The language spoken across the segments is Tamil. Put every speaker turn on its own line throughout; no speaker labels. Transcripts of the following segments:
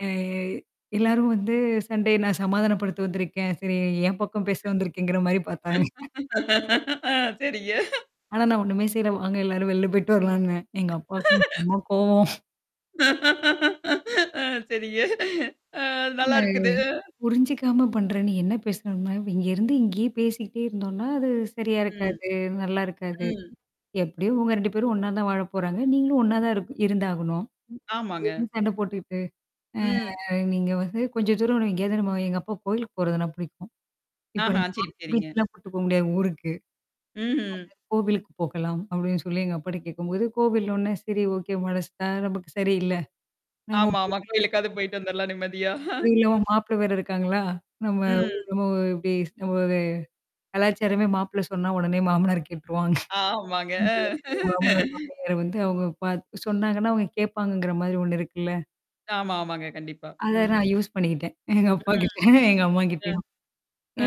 எ எல்லாரும் வந்து சண்டைய நான் சமாதானப்படுத்த வந்திருக்கேன். சரி, என் பக்கம் பேச வந்திருக்கீங்கிற மாதிரி பார்த்தாங்க.
ஆ செரிங்க
ஆனா நான் ஒண்ணுமே செய்யல. வாங்க, எல்லாரும் வெளில போயிட்டு வரலாம்னு சொன்னேன். எங்க அப்பாவுக்கு செம கோவம்.
ஆ செரிங்க ஆ
ஆ
நல்லைருக்குது
புரிஞ்சுக்காம பண்றேன். நீ என்ன பேசணும்னா, இங்கிருந்து இங்கேயே பேசிக்கிட்டே இருந்தோம்னா அது சரியா
ம்.
இருக்காது. நல்லா இருக்காது.
ம்.
எப்படியோ உங்க ரெண்டு பேரும் ஒண்ணாத்தான் வாழப் போறாங்க. நீங்களும் ஒண்ணாத்தான் இரு இருந்தாகணும்.
ஆமாங்க.
என்ன சண்டை போட்டுக்கிட்டு? அ
ம்.
நீங்க வந்து கொஞ்சம் தூரம் எங்கேயாவது, நம்ம எங்க அப்பா கோவிலுக்கு போறதுன்னா பிடிக்கும். இப்படி
ஆஹா. செரி, செரிங்க.
பீச்சுக்கெல்லாம் போயிருக்க முடியாது ஊருக்கு. கோல்லுக்
ம்ஹ்ம்.
கோவிலுக்கு போகலாம்னு அப்புடினு சொல்லி எங்க அப்பாட்ட கேட்கும்போது, கோவில்னோடனே, சேரி ஓகே. மனசுதான் நமக்கு சரியில்ல. நம்ம போல
ஆமாமா. கோயிலுக்காவது போயிட்டு வந்துரலாம் நிம்மதியா.
அது இல்லா வோ
ம்.
மாப்பிள்ளை வேற இருக்காங்களா? நம்ம ஊ
ம்.
நம்ம இப்படி இருக்கும்போதே கலாச்சாரமே மாப்பிள்ளை சொன்னா உடனே மாமனார் கேட்டுருவாங்க.
ஆமாங்க.
அந்த மாமனாரும் மாமியாரும் வந்து அவங்க பாத்து சொன்னாங்கன்னா, அவங்க கேட்பாங்கங்கிற மாதிரி ஒண்ணு இருக்குல்ல.
ஆமா, ஆமாங்க. கண்டிப்பா.
அத நான் யூஸ் பண்ணிக்கிட்டேன். எங்க அப்பாகிட்ட,
ம்.
எங்க
ம்.
அம்மாகிட்டயும்.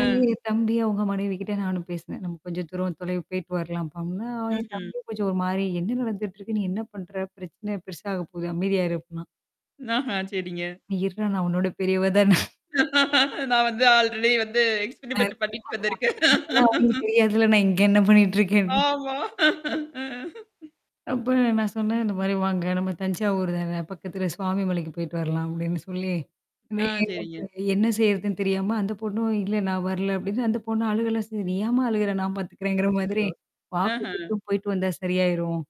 ஆ.
தம்பி, அவங்க மனைவிகிட்ட நானும் பேசினேன். நம்ம கொஞ்சம் தூரம் போயிட்டு வரலாம் அப்படின்னா, என்
ம்ஹ்ம்.
தம்பியும் கொஞ்சம் ஒரு மாதிரி, "என்ன நடந்துட்டு இருக்கு? நீ என்ன பண்ற? பிரச்சனை பெருசா ஆகப் போகுது. அமைதியா இரு," அப்படின்னான்.
ஆஹ செரிங்க.
நீ, நான் உன்னோட பெரியவதான.
நான் வந்து ஆல்ரெடி வந்து
ஆ,
எக்ஸ்பீரிமென்ட் பண்ணிட்டு வந்திருக்கேன்
அதெல்லாம் [unintelligible] தெரியாதுல்ல. நான் இங்க என்ன பண்ணிட்டு இருக்கேன்னு.
ஆமா
அப்புறம் நான் சொன்னேன், "இந்த மாதிரி வாங்க. நம்ம தஞ்சாவூர்தான. பக்கத்துல சுவாமிமலைக்குப் போயிட்டு வரலாம்," அப்படின்னு சொல்லி. வே
ஆ
ஏன்னா
செரிங்க.
"என்ன செய்றதுன்னு தெரியாம," அந்தப் பொண்ணும், "இல்ல, நான் வரல," அப்படின்னு அழுகலாமே செஞ்சா. "நீ ஏம்மா அழுகுற? நான் பார்த்துக்கிறேன்"ங்கிற மாதிரி.
அச்சச்சோ. அஹா.
கொஞ்ச தூரம் "போயிட்டு வந்தா சரியாயிரும்.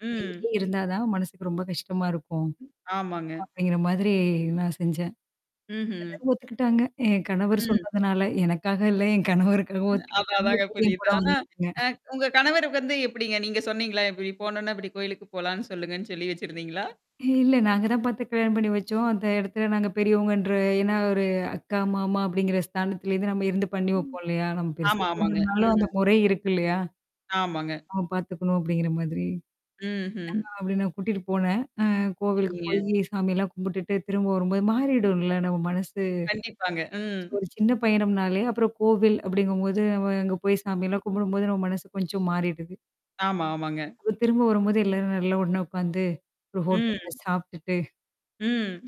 ம்.
இங்கேயே இருந்தாத்தான் மனசுக்கு ரொம்ப கஷ்டமா இருக்கும்,"
ஆமாங்க.
அப்படிங்கிற மாதிரி நான் செஞ்சேன். [unintelligible]
ம்ஹ்ம்.
ஒத்துக்கிட்டாங்க. என் கணவர்
ம்.
சொன்னதுனால. எனக்காக இல்ல, என் கணவருக்காக
அதான்,
ஒத்துக்கிட்டாங்க.
அதாங்க
என்
புரியுது.
கூட
ஆனா,
வந்தாங்க.
அ உங்க கணவருக்கு வந்து எப்படிங்க? நீங்க சொன்னீங்களா, "இப்படி போனோம்னா, இப்படி கோயிலுக்குப் போலாம்னு சொல்லுங்கன்னு சொல்லி வச்சிருந்தீங்களா?"
இல்ல, நாங்கதான் பார்த்து கல்யாணம் பண்ணி வச்சோம். அந்த இடத்துல நாங்க பெரியவங்கன்ற ஏன்னா ஒரு அக்கா, மாமா அப்படிங்கிற ஸ்தானத்துல இருந்து நம்ம இருந்து பண்ணி
ம்,
வைப்போம் இல்லையா? நம்ம பெருசா
ஆமா ஆமாங்க.
பண்ணலனாலும் அந்த
ம்.
முறை இருக்குல்லையா?
ஆமாங்க.
ஆ, பார்த்துக்கணும் அப்படிங்கிற மாதிரி.
ம்ஹ்ம்.
ஆமா, அப்படி நான் கூட்டிட்டுப் போனேன். கோவிலுக்குப்
செரிங்க.
போயி சாமியெல்லாம் கும்பிட்டுட்டு திரும்ப வரும்போது மாறிடும்ல நம்ம மனசு.
கண்டிப்பாங்க.
ஒரு
ம்.
சி ஒரு சின்ன பயணம்னாலே, அப்புறம் கோவில் அப்படிங்கும்போது நம்ம அங்க போயி சாமியெல்லாம் கும்பிடும்போது நம்ம மனசு கொஞ்சம் மாறிடுது.
ஆமா, ஆமாங்க.
அப்ப திரும்ப வரும்போது எல்லாரும் நல்லா ஒண்ணே உட்காந்து. ஒரு
ம்.
ஹோட்டல்ல சாப்டுட்டு
ம்.